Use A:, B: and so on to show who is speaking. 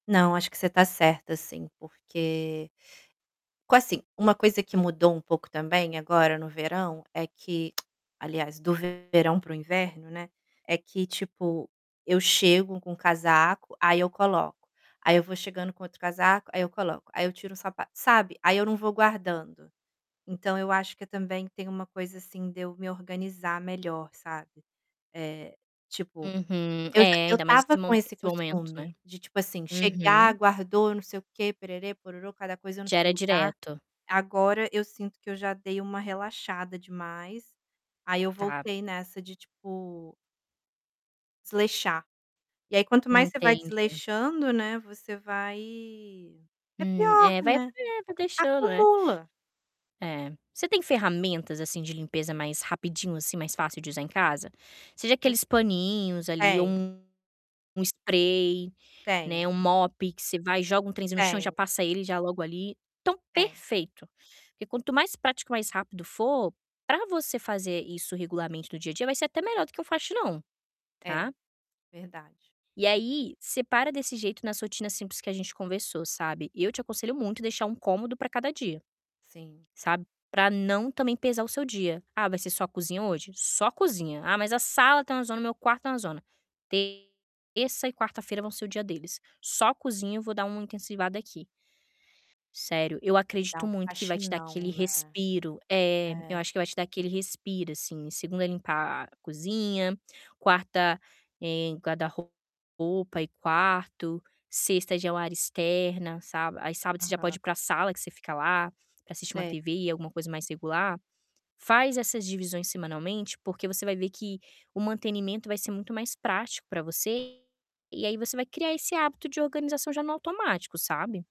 A: Não, acho que você tá certa sim, porque qua assim, uma coisa que mudou um pouco também agora no verão é que, aliás, do verão para o inverno, né, é que, tipo, eu chego com casaco, aí eu coloco, aí eu vou chegando com outro casaco, aí eu coloco, aí eu tiro o sapa sabe? Aí eu não vou guardando. Então eu acho que também tem uma coisa assim de eu me organizar melhor, sabe. Eh, tipo,
B: Uhum.
A: eu já
B: É,
A: eu
B: ainda mais esse
A: tava com
B: mo
A: esse
B: esse momento,
A: costume
B: né.
A: de tipo assim, chegar,
B: Uhum.
A: guardou não sei o quê, pererê, pororô, cada coisa no
B: Já
A: seu
B: era
A: lugar.
B: direto.
A: Agora eu sinto que eu já dei uma relaxada demais, aí eu
B: Tá.
A: voltei nessa de, tipo desleixar. E aí quanto mais você vai
B: Entendi.
A: desleixando, né, você vai é
B: Hum,
A: pior,
B: é, vai [unintelligible]
A: né.
B: vai deixando, é.
A: Acumula.
B: É. Você tem ferramentas, assim, de limpeza mais rapidinho, assim, mais fácil de usar em casa. Seja
A: Eu
B: aqueles paninhos ali ou
A: Tenho.
B: um um spray, né,
A: Tenho.
B: um mop que você vai e joga um trenzinho no chão e já
A: Tenho.
B: passa ele já logo ali. Então
A: Tenho.
B: perfeito, porque quanto mais prático e mais rápido for, para você fazer isso regularmente no dia a dia, vai ser até melhor do que um faxinão,
A: É,
B: tá.
A: verdade.
B: E aí, separa desse jeito na rotina simples que a gente conversou, sabe. Eu te aconselho muito deixar um cômodo para cada dia,
A: Sim.
B: sabe? Pra não também pesar o seu dia. Ah, vai ser só cozinha hoje? Só cozinha. Ah, mas a sala tá uma zona, o meu quarto tá uma zona. Terça e quarta-feira vão ser o dia deles. Só cozinha eu vou dar uma intensivada aqui. Sério, eu
A: E dá
B: acredito
A: um
B: muito que vai te dar
A: faxinão,
B: aquele
A: né.
B: respiro. É, eu
A: É.
B: acho que vai te dar aquele respiro, assim, segunda limpar cozinha, quarta, eh, guarda-roupa e quarto, sexta já é o área externa, sabe. Aí sábado, você já pode
A: Aham.
B: ir pra sala que você fica lá, para assistir uma
A: Se
B: TV e alguma coisa mais regular. Faz essas divisões semanalmente, porque você vai ver que o mantenimento vai ser muito mais prático para você e aí você vai criar esse hábito de organização já no automático, sabe.